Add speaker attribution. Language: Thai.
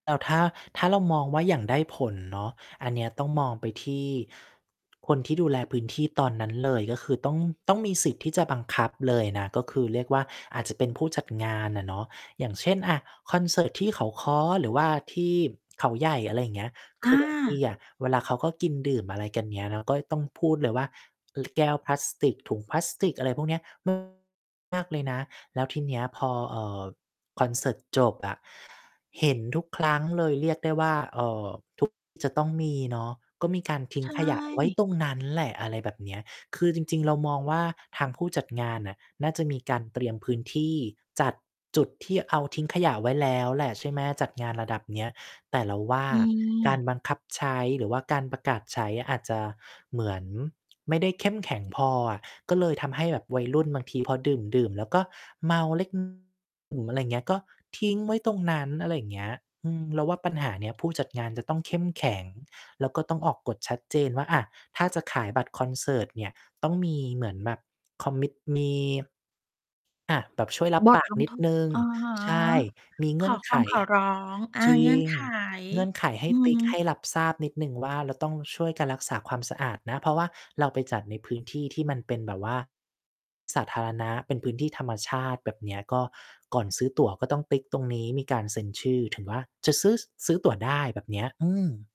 Speaker 1: แล้วถ้า ถ้าเรามองว่าอย่างได้ผลเนาะ อันเนี้ยต้องมองไปที่ คนที่ดูแลพื้นที่ตอนนั้นเลย ก็คือต้อง ต้องมีสิทธิ์ที่จะบังคับเลยนะ ก็คือเรียกว่าอาจจะเป็นผู้จัดงานอะเนาะ อย่างเช่น อะ คอนเสิร์ตที่เขาค้อหรือว่าที่เขาใหญ่ อะไรอย่างเงี้ย ค
Speaker 2: อ
Speaker 1: ือ บาง ที
Speaker 2: า
Speaker 1: อะ เวลาเขาก็กินดื่มอะไรกัน เงี้ย เราก็จะต้องพูดเลยว่า ล แก้วพลาสติก ถุงพลาสติก อะไรพวกเนี้ย ม มากเลยนะ แล้วทีเนี้ยพอ เอ่อ คอนเสิร์ตจบอะ เห็นทุกครั้งเลย เรียกได้ว่า เอ่อ ทุก จะต้องมีเนาะ ก็มีการทิ
Speaker 2: ใ
Speaker 1: ้
Speaker 2: ช
Speaker 1: งขยะไว้
Speaker 2: ่
Speaker 1: ตรงนั้นแหละ อะไรแบบเนี้ย คือจริง ๆ เรามองว่า ทางผู้จัดงานน่ะน่าจะมีการเตรียมพื้นที่ จัดจุดที่เอา ทิ้งขยะไว้แล้วแหละ ใช่ไหม จัดงานระดับเนี้ย แต่เราว่า
Speaker 2: อื
Speaker 1: การ
Speaker 2: ม
Speaker 1: บังคับใช้หรือว่าการประกาศใช้ อาจจะเหมือนไม่ได้เข้มแข็งพออะ ก็เลยทำให้แบบวัยรุ่นบางทีพอดื่ม ๆ แล้วก็เมา เล็ก อะไรอย่างเงี้ย ก็ทิ้งไว้ตรงนั้น อะไรอย่างเงี้ย อืม เราว่าปัญหาเนี้ย ผู้จัดงานจะต้องเข้มแข็ง แล้วก็ต้องออกกฎชัดเจนว่า อะ ถ้าจะขายบัตรคอนเสิร์ตเนี่ย ต้องมีเหมือนแบบ commit มี อะ แบบช่วยรับ
Speaker 2: ว่า
Speaker 1: ปา
Speaker 2: ก
Speaker 1: กน
Speaker 2: ำ
Speaker 1: ิ
Speaker 2: ท
Speaker 1: ด
Speaker 2: ด
Speaker 1: หนึ่ง
Speaker 2: อะฮะ
Speaker 1: ใช่ มีเ
Speaker 2: ข
Speaker 1: งื่
Speaker 2: อ
Speaker 1: อน
Speaker 2: ค
Speaker 1: ไ
Speaker 2: ว
Speaker 1: ข
Speaker 2: าม ขอร้อง อา
Speaker 1: จร
Speaker 2: เง
Speaker 1: ิ
Speaker 2: ื่อน
Speaker 1: ง
Speaker 2: ไข
Speaker 1: เงื่อนไขให
Speaker 2: อ
Speaker 1: ้
Speaker 2: ือ
Speaker 1: ติ๊
Speaker 2: ฮ
Speaker 1: ก ให้
Speaker 2: ึ
Speaker 1: รับทราบนิดหนึ่งว่า เราต้องช่วยกันรักษาความสะอาดนะ เพราะว่าเราไปจัดในพื้นที่ที่มันเป็นแบบว่า สาธารณะ เป็นพื้นที่ธรรมชาติ แบบเนี้ย ก็ ก่อนซื้อตั๋วก็ต้องติ๊กตรงนี้ มีการเซ็นชื่อ ถือว่า จะซื้อ ซื้อตั๋วได้ แบบเนี้ย อืม